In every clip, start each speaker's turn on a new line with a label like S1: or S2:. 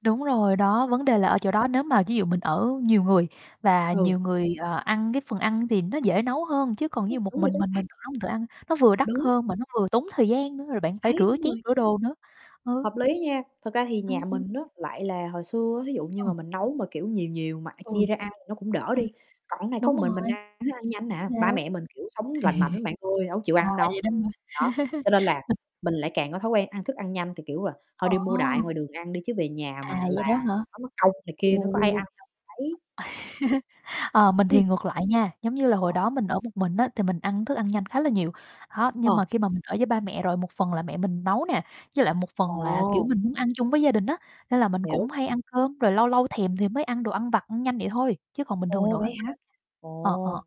S1: Đúng rồi, đó, vấn đề
S2: [unintelligible]
S1: là ở chỗ đó nếu mà ví dụ mình ở nhiều người và
S2: Ừ.
S1: nhiều người, ờ, ăn cái phần ăn thì nó dễ nấu hơn. Chứ còn ví
S2: Ư,
S1: dụ một
S2: đúng rồi,
S1: mình
S2: chính
S1: mình, mình
S2: xác.
S1: tự nấu mình tự ăn nó vừa đắt
S2: Đúng.
S1: hơn mà nó vừa tốn thời gian nữa, rồi bạn phải
S2: Đấy,
S1: rửa
S2: đúng
S1: chén
S2: rồi.
S1: rửa đồ nữa. Ừ.
S2: Hợp lý nha, thật ra thì nhà
S1: Ừm, ừm.
S2: mình á, lại là hồi xưa, thí dụ như
S1: Ừ.
S2: mà mình nấu mà, kiểu, nhiều nhiều mà, a,
S1: Ừ.
S2: chia ra ăn thì nó cũng đỡ
S1: Ừm,
S2: đi. Còn này có
S1: đúng
S2: một mình
S1: rồi.
S2: mình ăn thức ăn nhanh nè,
S1: Thì đấy.
S2: ba mẹ mình, kiểu, sống lành mạnh lắm bạn ơi, đâu có chịu
S1: À,
S2: ăn đâu.
S1: vậy đó hả?
S2: Đó, cho nên là
S1: [unintelligible]
S2: mình lại càng có thói quen ăn thức ăn nhanh thì, kiểu là, thôi
S1: Ồ.
S2: đi mua đại ngoài đường ăn đi chứ về nhà
S1: À,
S2: mà
S1: vậy
S2: làm
S1: đó hả?
S2: nó mất công này kia,
S1: Ồ.
S2: có ai ăn đâu, đấy.
S1: Ờ, mình
S2: Ừ.
S1: thì ngược lại nha, giống như là hồi
S2: Ồ.
S1: đó mình ở một mình á thì mình ăn thức ăn nhanh khá là nhiều, đó. Nhưng
S2: Ờ.
S1: mà khi mà mình ở với ba mẹ rồi một phần là mẹ mình nấu nè, với lại một phần là, kiểu,
S2: Ồ.
S1: mình muốn ăn chung với gia đình á, nên là mình cũng
S2: Hiểu.
S1: hay ăn cơm, rồi lâu lâu thèm thì mới ăn đồ ăn vặt, ăn nhanh vậy thôi, chứ còn bình thường mình
S2: Ồ,
S1: đổ
S2: vậy
S1: ăn
S2: hả?
S1: [unintelligible] ờ,
S2: Ồ,
S1: ờ.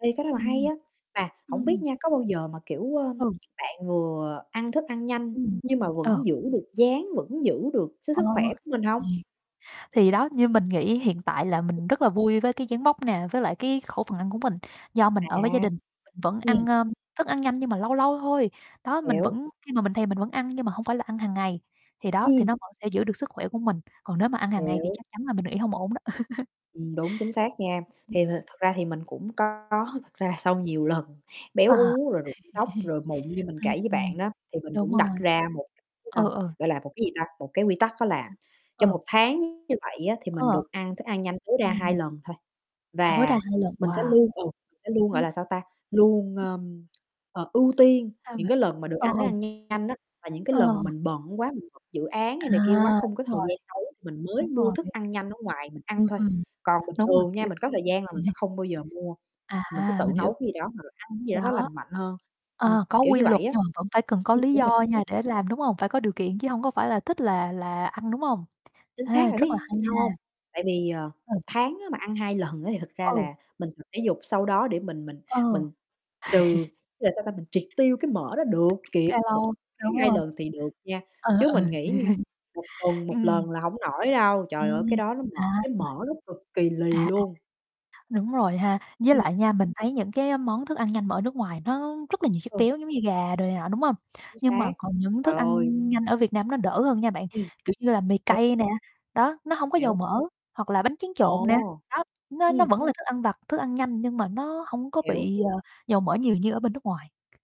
S2: ê, cái đó là hay
S1: Ừm.
S2: á, mà hổng biết
S1: Ừm.
S2: nha có bao giờ mà, kiểu, ơ,
S1: Ừ.
S2: bạn vừa ăn thức ăn nhanh
S1: Ừm.
S2: nhưng mà
S1: Ồ.
S2: vẫn giữ được dáng, vẫn giữ được sư
S1: Ồ.
S2: sức khỏe của mình hông?
S1: Yeah. Thì đó, như mình nghĩ hiện tại là mình rất là vui với cái dáng vóc nè, với lại cái khẩu phần ăn của mình. Do mình
S2: À,
S1: ở với gia đình mình vẫn ăn,
S2: ừm.
S1: ơ, thức ăn nhanh nhưng mà lâu lâu thôi, đó, mình
S2: Hiểu.
S1: vẫn khi mà mình thèm mình vẫn ăn nhưng mà hông phải là ăn hàng ngày, thì đó, thì
S2: Ừm.
S1: nó vẫn sẽ giữ được sức khỏe của mình. Còn nếu mà ăn hàng ngày thì
S2: Hiểu.
S1: chắc chắn là mình nghĩ hông ổn đó.
S2: Ừm, đúng chính xác nha,
S1: Ừm.
S2: thì th thực ra thì mình cũng có thật ra sau nhiều lần
S1: Ờ.
S2: béo uống rồi rụng tóc rồi mụn như mình kể
S1: Ừm,
S2: với
S1: ừm.
S2: bạn á, thì mình
S1: Đúng
S2: cũng đặt
S1: rồi.
S2: ra một cái, ơ,
S1: Ừ, ừ.
S2: gọi là, một cái gì ta, một cái quy tắc đó là
S1: Sao?
S2: trong
S1: Ừ.
S2: 1 tháng như vậy á thì mình
S1: Ờ.
S2: được ăn thức ăn nhanh tối ra 2
S1: Ừm.
S2: lần thôi.
S1: Tối đa
S2: Và
S1: 2 lần,
S2: mình sẽ
S1: wow.
S2: luôn, ừ, mình sẽ luôn, gọi
S1: Ừm.
S2: là, sao ta, luôn,
S1: [unintelligible]
S2: ơm, ờ, ưu tiên
S1: Sao
S2: những
S1: vậy?
S2: cái lần mà được
S1: Ờ,
S2: ăn
S1: ờ.
S2: thức ăn nhanh á, là những cái lần mà
S1: Ờ.
S2: mình bận quá, mình [unintelligible] mình dự án
S1: À,
S2: hay này kia quá không có
S1: đúng
S2: thời
S1: rồi.
S2: gian nấu thì mình mới
S1: Đúng
S2: mua
S1: rồi.
S2: thức ăn nhanh ở ngoài mình
S1: Ừm,
S2: ăn thôi.
S1: ừm.
S2: Còn bình
S1: Đúng rồi,
S2: thường nha
S1: kiểu
S2: mình có thời gian là mình sẽ không bao giờ mua,
S1: À,
S2: mình sẽ tự
S1: mình hiểu.
S2: nấu cái gì đó hoặc là ăn cái gì đó nó
S1: Đó.
S2: lành mạnh hơn, ừm,
S1: Ờ, có
S2: kiểu
S1: quy
S2: như
S1: luật
S2: vậy á.
S1: nhưng mà vẫn phải cần có
S2: Ừ,
S1: lý
S2: đúng
S1: do
S2: rồi, chính xác.
S1: nha để làm, đúng hông? Phải có điều kiện chứ hông có phải là thích là là ăn, đúng hông?
S2: Chính
S1: Ê,
S2: xác bạn
S1: rất là
S2: biết
S1: hay
S2: sao
S1: nha.
S2: hông? Tại vì, ờ,
S1: Ừ.
S2: 1 tháng á mà ăn 2 lần á thì thật ra
S1: Ừ.
S2: là mình tập thể dục sau đó để mình mình
S1: Ờ.
S2: mình trừ, là sao ta, mình triệt tiêu cái mỡ đó được kịp, 1
S1: Calo,
S2: tháng
S1: đúng
S2: 2
S1: rồi.
S2: lần thì được nha.
S1: Ừ,
S2: Chứ
S1: ừ.
S2: mình nghĩ nha, 1 tuần 1
S1: Ừm.
S2: lần là hổng nổi đâu, trời ơi cái
S1: Ừm,
S2: đó nó mỡ
S1: à.
S2: cái mỡ nó cực kỳ lì
S1: À, à,
S2: luôn.
S1: đúng rồi ha. Với
S2: Ừm.
S1: lại nha mình thấy những cái món thức ăn nhanh mà ở nước ngoài nó rất là nhiều chất
S2: Ừ.
S1: béo, giống như gà đồ này nọ, đúng hông?
S2: Chính
S1: Nhưng
S2: xác,
S1: mà còn những
S2: trời
S1: thức ăn
S2: ơi.
S1: nhanh ở Việt Nam nó đỡ hơn nha bạn,
S2: Ừm.
S1: kiểu như là mì
S2: Ủa?
S1: cay nè, đó, nó hông có dầu
S2: Hiểu.
S1: mỡ, hoặc là bánh tráng trộn nè,
S2: Ồ.
S1: đó, nó nó
S2: ừm.
S1: vẫn là thức ăn vặt, thức ăn nhanh nhưng mà nó hông có
S2: Hiểu.
S1: bị, ờ, dầu mỡ nhiều như ở bên nước ngoài.